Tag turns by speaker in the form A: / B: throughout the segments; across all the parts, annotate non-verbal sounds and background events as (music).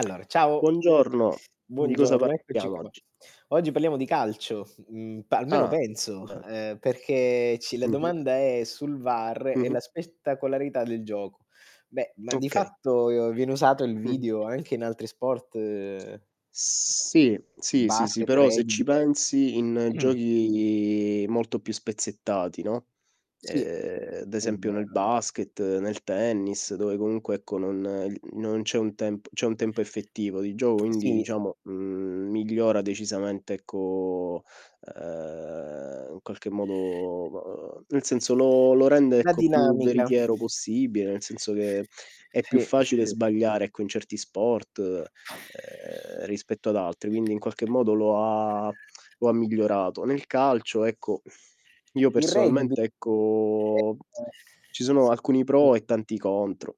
A: (smacks lips)
B: ciao!
A: Buongiorno! Di cosa
B: Buongiorno, eccoci
A: parliamo
B: qua.
A: oggi?
B: Oggi parliamo di calcio, mhmm, pa almeno
A: Ah!
B: penso,
A: Ben
B: ehm, perché ci la
A: Mh-mh.
B: domanda è sul VAR e
A: Mh-mh.
B: la spettacolarità del gioco. Beh, ma di
A: Okay.
B: fatto viene usato il
A: Mh-mh.
B: video anche in altri sport mhmm,
A: Sì, sì, sì, sì,
B: basket,
A: però se
B: rugby.
A: ci pensi in
B: (clears throat)
A: giochi molto più spezzettati, no,
B: Sì,
A: ehm, ad
B: è
A: esempio nel
B: vero.
A: basket, nel tennis, dove comunque, non non c'è un tem c'è un tempo effettivo di gioco,
B: (smacks lips)
A: quindi,
B: Sì, mh.
A: diciamo, mhmm, migliora decisamente ecco, ehm, in qualche modo, mhmm, nel senso lo lo rende,
B: La
A: ecco, più
B: dinamica.
A: veritiero possibile, nel senso che è più
B: Sì, s
A: facile
B: sì.
A: sbagliare, ecco, in certi sport, ehm, rispetto ad altri, quindi in qualche modo lo ha lo ha migliorato. Nel calcio, ecco, (sighs) io
B: Il Rugby.
A: personalmente, ecco, ci sono alcuni
B: (unintelligible)
A: pro e tanti contro.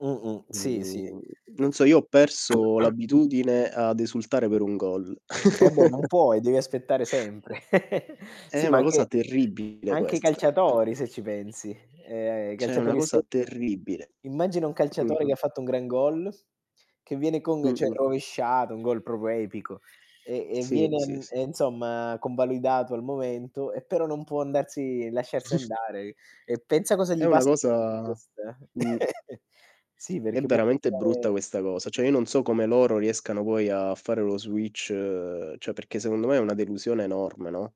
B: Mh, mh, sì, sì.
A: Mhmm, non so, io ho perso
B: (clears throat)
A: l'abitudine ad esultare per un gol.
B: Eh, beh, non
A: (chuckles)
B: puoi, devi aspettare sempre. (giggles) Sì
A: È
B: ma
A: una
B: anche
A: cosa
B: anche
A: terribile
B: anche i
A: questa, pro
B: calciatori se ci pensi. Ehm, i
A: cioè è una
B: calciatori ste
A: cosa terribile.
B: immagina un calciatore
A: Mh-mh.
B: che fatto un gran goal, che viene con cioè
A: Mh-mh.
B: rovesciata, un goal proprio epico, e e
A: Sì,
B: viene
A: sì,
B: an
A: sì.
B: e insomma convalidato al momento e però non può andarsi lasciarsi
A: (chuckles)
B: andare, e pensa cosa
A: È
B: gli
A: una
B: passa nella sua
A: cosa
B: testa.
A: mh.
B: (giggles) Sì
A: È
B: perché può
A: veramente brutta
B: pensare
A: questa cosa, cioè, io non so come loro riescano poi a fare lo switch cioè perché secondo me è una delusione enorme, no?